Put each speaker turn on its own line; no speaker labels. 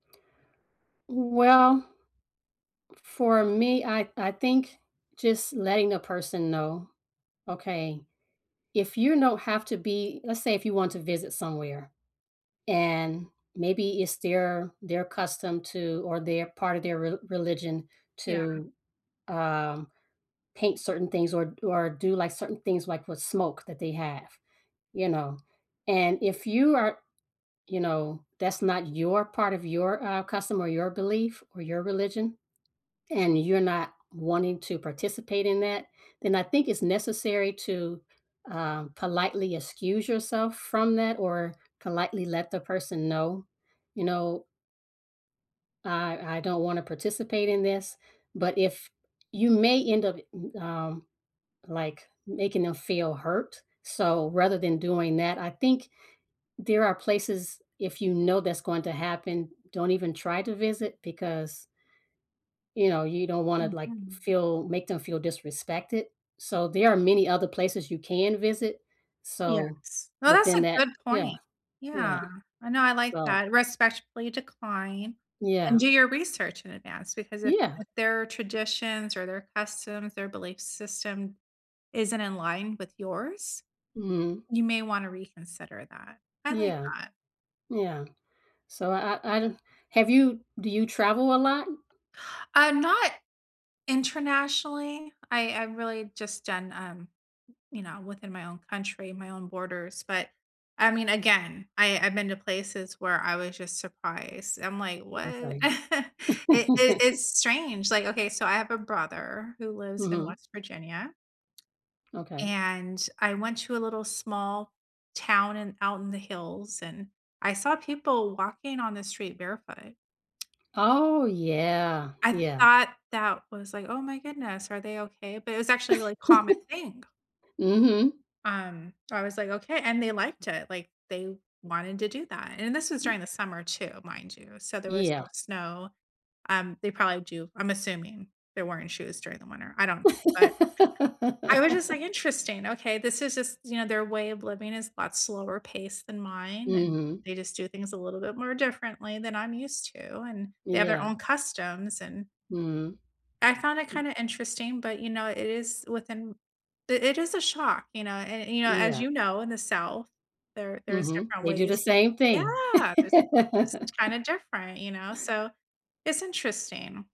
Well, for me, I I think just letting a person know. Okay, if you don't have to be let's say if you want to visit somewhere, and maybe it's their their custom to, or their part of their re religion
Yeah.
to, um, paint certain things or d or do like, certain things, like, with smoke that they have, you know, and if you are you know, that's not your part of your, uh, custom or your belief or your religion, and you're not wanting to participate in that, then I think it's necessary to, uh, politely excuse yourself from that or politely let the person know, you know "I I don't wanna participate in this," but if you may end up, um, like, making them feel hurt, so rather than doing that, I think there are places, if you know that's going to happen, don't even try to visit because you know, you don't wanna, like,
Mhm.
feel make them feel disrespected. So, there are many other places you can visit. So,
Yes. No, that's
within
a
that
good
Yeah,
point.
yeah.
Yeah, I know, I like
So
that, respectfully decline, and
Yeah.
do your research in advance because if
Yeah.
if their traditions or their customs or belief system isn't in line with yours,
Mhm.
you may wanna reconsider that. I like
Yeah.
that.
Yeah. So, I I don't have you do you travel a lot?
I'm not internationally, I I really just done, um, you know, within my own country, my own borders, but I mean, again, I I've been to places where I was just surprised. I'm, like, "What?"
Okay.
It it it's strange. Like, okay, so I have a brother who lives in
Mhm.
West Virginia
Okay.
and I went to a little small town and out in the hills and I saw people walking on the street barefoot.
Oh, yeah.
I
Yeah.
thought that was, like, "Oh my goodness, are they okay?" but it was actually a really common thing.
Mhm.
Um, I was like, "Okay" and they liked it, like, they wanted to do that. And this is during the summer too, mind you, so there was
Yeah.
no snow, um, they probably do. I'm assuming they're wearing shoes during the winter. I don't, but I was just like, "Interesting, okay, this is just, you know, their way of living is a lot slower pace than mine, and
Mhm.
they just do things a little bit more differently than I'm used to, and they have their
Yeah.
own customs," and
Mhm.
I found it kinda interesting, but you know, it is within it is a shock, you know, an and, you know, as
Yeah.
you know, in the South, there there's
Mhm,
different
they do the
ways
same thing.
Yeah, there's it's kind of different, you know, so it's interesting.